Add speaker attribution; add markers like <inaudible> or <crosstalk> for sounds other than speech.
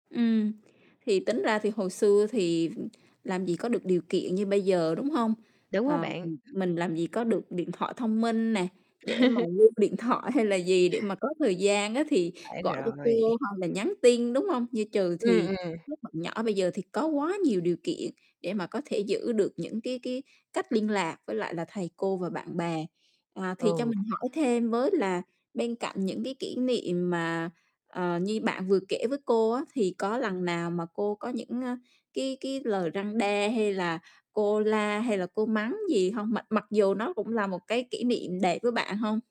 Speaker 1: Ừm, thì tính ra thì hồi xưa thì làm gì có được điều kiện như bây giờ, đúng hông?
Speaker 2: Đúng á
Speaker 1: Ờ,
Speaker 2: bạn.
Speaker 1: ừm, mình làm gì có được điện thoại thông minh nè, để mà
Speaker 2: <laughs>
Speaker 1: lưu điện thoại hay là gì, để mà có thời gian á thì
Speaker 2: Phải
Speaker 1: gọi cho cô
Speaker 2: rồi.
Speaker 1: hoặc là nhắn tin, đúng hông? Như chừ
Speaker 2: Ừm,
Speaker 1: thì
Speaker 2: ừm.
Speaker 1: các bạn nhỏ bây giờ thì có quá nhiều điều kiện để mà có thể giữ được những cái cái cách liên lạc với lại là thầy cô và bạn bè. Ờ, thì cho
Speaker 2: Ừ.
Speaker 1: mình hỏi thêm với là bên cạnh những cái kỷ niệm mà, ờ, như bạn vừa kể với cô á, thì có lần nào mà cô có những, a, cái cái lời răn đe hay là cô la hay là cô mắng gì hông? Mặc mặc dù nó cũng là một cái kỷ niệm đẹp với bạn hông?